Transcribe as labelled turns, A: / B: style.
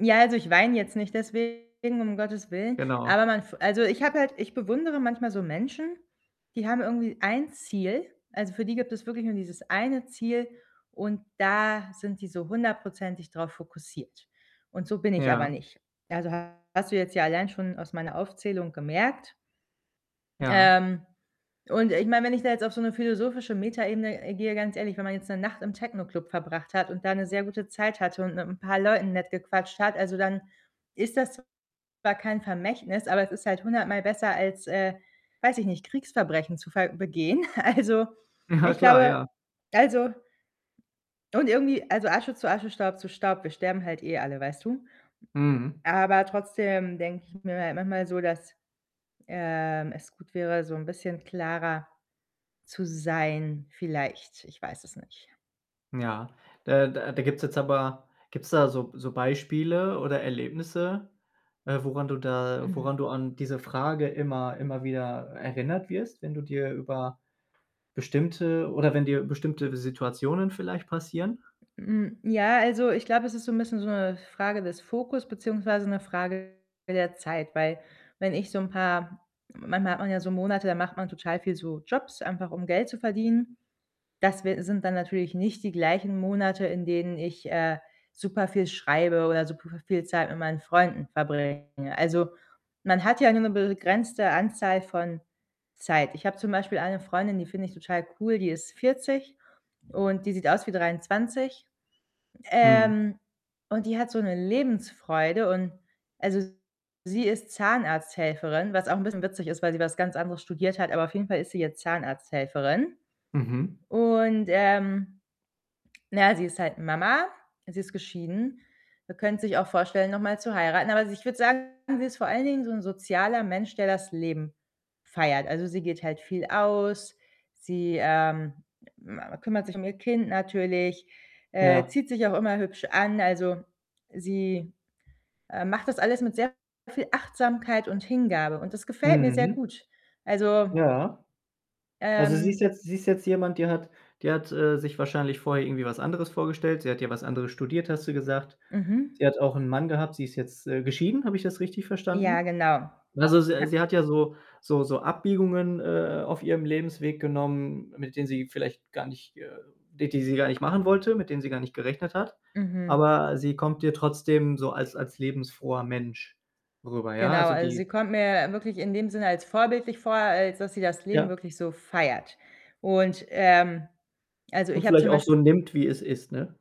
A: Ja, also ich weine jetzt nicht deswegen, um Gottes Willen.
B: Genau.
A: Aber man f also ich habe halt ich bewundere manchmal so Menschen, die haben irgendwie ein Ziel. Also, für die gibt es wirklich nur dieses eine Ziel und da sind sie so hundertprozentig drauf fokussiert und so bin ich aber
B: Ja.
A: nicht. Also hast du jetzt ja allein schon aus meiner Aufzählung gemerkt.
B: Ja.
A: Ähm, und ich meine, wenn ich da jetzt auf so 'ne philosophische Metaebene, äh, gehe, ganz ehrlich, wenn man jetzt 'ne Nacht im Techno-Club verbracht hat und da 'ne sehr gute Zeit hatte und mit 'n paar Leuten nett gequatscht hat, also, dann ist das zwar kein Vermächtnis, aber es ist halt hundertmal besser als, äh, weiß ich nicht, Kriegsverbrechen zu ver begehen. Also,
B: Ja
A: ich
B: klar,
A: glaube,
B: ja.
A: also und irgendwie, also, Asche zu Asche, Staub zu Staub, wir sterben halt eh alle, weißt du?
B: Mhm.
A: Aber trotzdem denke ich mir ma manchmal so, dass, ähm, es gut wäre, so 'n bisschen klarer zu sein vielleicht. Ich weiß es nicht.
B: Ja, da da da gibt's jetzt aber gibt's da so so Beispiele oder Erlebnisse, äh, woran du da
A: Hm.
B: woran du an diese Frage immer immer wieder erinnert wirst, wenn du dir über bestimmte oder wenn dir bestimmte Situationen vielleicht passieren?
A: Hm, ja, also ich glaube, es ist so 'n bisschen so 'ne Frage des Fokus beziehungsweise 'ne Frage der Zeit. Weil wenn ich so 'n paar manchmal hat man ja so Monate, da macht man total viel so Jobs, einfach um Geld zu verdienen. Das wir sind dann natürlich nicht die gleichen Monate, in denen ich, äh, super viel schreibe oder super v viel Zeit mit meinen Freunden verbringe. Also, man hat ja nur 'ne begrenzte Anzahl von Zeit. Ich habe zum Beispiel eine Freundin, die finde ich total cool, die ist 40 und die sieht aus wie 23.
B: Mhm.
A: Ähm, und die hat so 'ne Lebensfreude und also, sie ist Zahnarzthelferin, was auch 'n bisschen witzig ist, weil sie was ganz anderes studiert hat, aber auf jeden Fall ist sie jetzt Zahnarzthelferin
B: Mhm.
A: und, ähm, na ja, sie ist halt Mama, sie ist geschieden und könnte sich auch vorstellen, noch mal zu heiraten, aber also, ich würde sagen, sie ist vor allen Dingen so 'n sozialer Mensch, der das Leben feiert. Also, sie geht halt viel aus. Sie, ähm, ma ma kümmert sich um ihr Kind natürlich, äh,
B: Ja.
A: zieht sich auch immer hübsch an. Also sie, äh, macht das alles mit sehr viel Achtsamkeit und Hingabe und das gefällt mir sehr
B: Mhm.
A: gut. Also
B: Ja. Also sie ist
A: ähm
B: jetzt sie ist jetzt jemand, die hat die hat, äh, sich wahrscheinlich vorher irgendwie was anderes vorgestellt. Sie hat ja was anderes studiert, hast du gesagt. Sie
A: Mhm.
B: hat auch 'n Mann gehabt, sie ist jetzt, äh, geschieden. Habe ich das richtig
A: Ja,
B: verstanden?
A: genau.
B: Also, s
A: Ja.
B: sie hat ja so so so Abbiegungen, äh, auf ihrem Lebensweg genommen, mit denen sie vielleicht gar nicht äh, die die sie gar nicht machen wollte, mit denen sie gar nicht gerechnet hat.
A: Mhm.
B: Aber sie kommt dir trotzdem so als als lebensfroher Mensch rüber, ja?
A: Genau,
B: Also
A: also, sie
B: die
A: kommt mir wirklich in dem Sinne als vorbildlich vor, als dass sie das Leben
B: Ja.
A: wirklich so feiert und, ähm, also,
B: Und
A: ich habe
B: vielleicht
A: zum
B: auch
A: Beisp
B: so nimmt, wie es ist, ne?